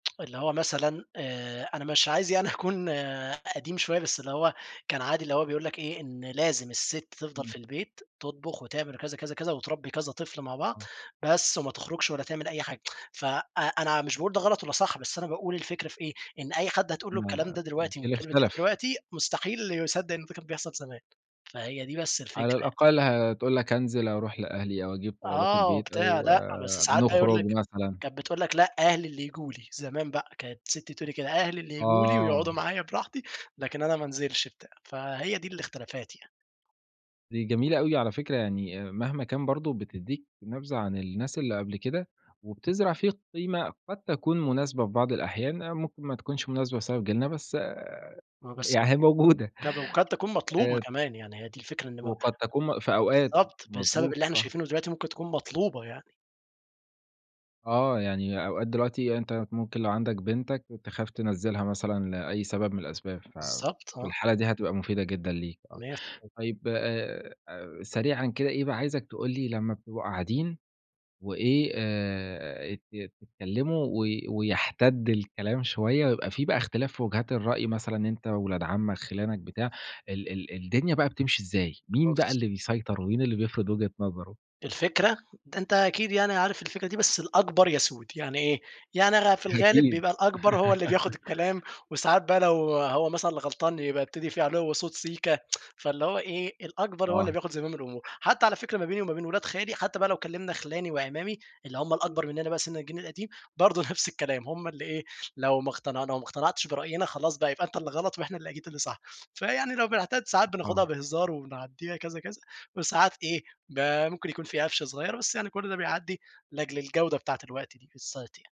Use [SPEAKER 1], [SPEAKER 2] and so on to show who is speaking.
[SPEAKER 1] اللي هو مثلًا آآ، أنا مش عايز يعني أكون قديم شوية بس اللي هو كان عادي اللي هو بيقول لك إيه، إن لازم الست تِفضل
[SPEAKER 2] إمم.
[SPEAKER 1] في البيت تطبخ وتعمل كذا، كذا، كذا وتربّي كذا طفل مع بعض،
[SPEAKER 2] آه.
[SPEAKER 1] بس وما تخرجش ولا تعمل أي حاجة ف أ أنا مش باقول ده غلط والَّا صح بس أنا باقول الفكرة في إيه، إن أي حد هتقول لُه
[SPEAKER 2] لا، لا،
[SPEAKER 1] الكلام
[SPEAKER 2] لا
[SPEAKER 1] ده دلوقتي من
[SPEAKER 2] الجيل
[SPEAKER 1] [unintelligible]
[SPEAKER 2] اختلف.
[SPEAKER 1] دلوقتي مستحيل يصدّق إن الفِكر ده كان بيحصل زمان، فهي دي بس
[SPEAKER 2] على
[SPEAKER 1] الفكرة يعني.
[SPEAKER 2] الأقل هتقول لك أنزل أروح لأهلي، أو أجيب طلبات
[SPEAKER 1] آه
[SPEAKER 2] البيت،
[SPEAKER 1] وبتاع
[SPEAKER 2] أو
[SPEAKER 1] لأ، بس ساعات بقى يقول
[SPEAKER 2] نخرج
[SPEAKER 1] لك،
[SPEAKER 2] مثلًا.
[SPEAKER 1] كانت بتقول لك لأ أهلي اللي ييجوا لي، زمان بقى، كانت سِتّي تقول لي كده، أهلي اللي ييجوا لي ويقعدوا
[SPEAKER 2] آه.
[SPEAKER 1] معايا براحتي، لكن أنا ما أنزلش بتاع، فهي دي الإختلافات يعني.
[SPEAKER 2] دي جميلة أوي، على فكرة يعني مهما كان برضه بتدّيك نبذة عن الناس اللي قبل كده، وبتزرع فيك قيمة قد تكون مناسبة في بعض الأحيان، ممكن ما تكونش مناسبة بسبب جيلنا، بس
[SPEAKER 1] آه، بس
[SPEAKER 2] يع أهي موجودة،
[SPEAKER 1] ك وقد تكون مطلوبة
[SPEAKER 2] آآ
[SPEAKER 1] كمان، يعني هي دي الفكرة إن ما
[SPEAKER 2] وقد تكون م في أوقات،
[SPEAKER 1] بالضبط، بسبب
[SPEAKER 2] مضبوط،
[SPEAKER 1] اللي إحنا
[SPEAKER 2] صح.
[SPEAKER 1] شايفينه دلوقتي، ممكن تكون مطلوبة يعني.
[SPEAKER 2] آه يعني أوقات دلوقتي أنت ممكن لو عندك بنتك تخاف تنَزِّلها مثلًا لأي سبب من الأسباب، ف
[SPEAKER 1] بالضبط،
[SPEAKER 2] في
[SPEAKER 1] آه.
[SPEAKER 2] الحالة دي هتبقى مفيدة جدًا ليك آه،
[SPEAKER 1] مِيَّة ف
[SPEAKER 2] طيب آآ، سريعًا كده إيه بقى عايزك تقول لي لمّا بتبقوا قاعدين وإيه آآ، ت تتكلِّموا و ويَحتَدّ الكلام شوية، ويبقى في بقى إختلاف في وجهات الرأي مثلًا أنت وولاد عمّك خِلانك بتاع، ال ال الدنيا بقى بتمشي إزاي؟ مين بقى
[SPEAKER 1] [unintelligible]
[SPEAKER 2] اللي بيسيطر، ومين اللي بيفرض وجهة نظره؟
[SPEAKER 1] الفكرة! ده أنت أكيد يعني عارف الفكرة دي بس الأكبر يَسود، يعني إيه؟ يعني غ في الغالب
[SPEAKER 2] أكيد.
[SPEAKER 1] بيبقى الأكبر هو اللي بياخد الكلام، وساعات بقى لو هو مثلًا اللي غلطان يبقى يبتدي فيه عُلُوّ صوت سيكا فاللي هو إيه، الأكبر هو اللي
[SPEAKER 2] آه.
[SPEAKER 1] بياخد زمام الأمور، حتى على فكرة ما بيني وما بين ولاد خالي، حتى بقى لو كلِّمنا خلاني وأعمامي، اللي هم الأكبر مننا بقي سن الجيل القديم، برضه نفس الكلام هم اللي إيه، لو ما اقتنع لو ما اقتنعتش برأينا خلاص بقى، يبقى أنت اللي غلط وإحنا اللي أكيد اللي صح، فيعني لو بنحتدّ ساعات بناخدها
[SPEAKER 2] آه.
[SPEAKER 1] بهزار وبنعدّيها كذا، كذا، وساعات إيه، ب ممكن يكون في قفش صغير بس يعني كل ده بيعدّي، لاجل الجودة بتاعة الوقت دي بالذات يعني.